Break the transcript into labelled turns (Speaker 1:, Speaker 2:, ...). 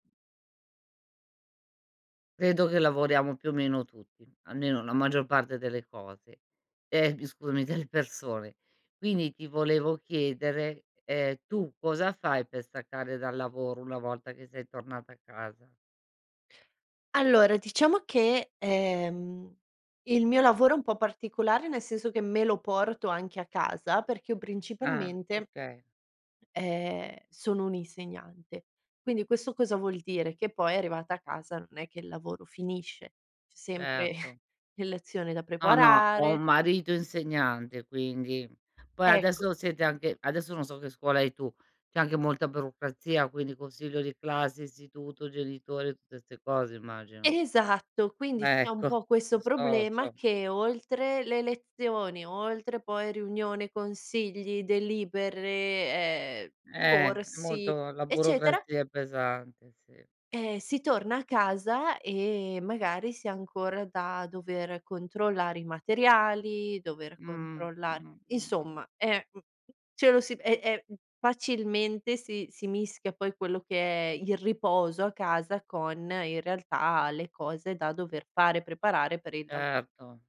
Speaker 1: Credo che lavoriamo più o meno tutti, almeno la maggior parte delle cose. Ehm, bi scusami delle persone. Quindi ti volevo chiedere, ehm, tu cosa fai per staccare dal lavoro una volta che sei tornata a casa?
Speaker 2: Allora, diciamo che, ehm, il mio lavoro è un po' particolare, nel senso che me lo porto anche a casa, perché io
Speaker 1: Ah
Speaker 2: principalmente,
Speaker 1: okay.
Speaker 2: ehm, sono un'insegnante. Quindi questo cosa vuol dire: che poi arrivata a casa non è che il lavoro finisce. C'è sempre
Speaker 1: Erto.
Speaker 2: l lezioni da
Speaker 1: No, no, ho
Speaker 2: preparare.
Speaker 1: un marito insegnante, quindi... poi
Speaker 2: Ecco.
Speaker 1: adesso siete anche adesso non so che scuola hai tu: c'è anche molta burocrazia, quindi il consiglio di classe, istituto, genitori e tutte 'ste cose, immagino.
Speaker 2: Esatto, quindi c'è un
Speaker 1: Ecco.
Speaker 2: po'
Speaker 1: Lo
Speaker 2: questo
Speaker 1: so, lo
Speaker 2: problema
Speaker 1: so.
Speaker 2: che, oltre le lezioni, oltre poi riunione, consigli, delibere, ehm,
Speaker 1: Eh, è
Speaker 2: corsi,
Speaker 1: molto la
Speaker 2: eccetera
Speaker 1: burocrazia è pesante, sì.
Speaker 2: ehm, si torna a casa e magari si ha ancora da dover controllare i materiali, dover
Speaker 1: Mh. Mh,
Speaker 2: controllare
Speaker 1: mh, mh-mh.
Speaker 2: insomma, ehm, u uhm, ce lo si e e, mhmm, facilmente si si mischia poi quello che è il riposo a casa con, in realtà, le cose da dover fare, preparare per il lav
Speaker 1: Erto.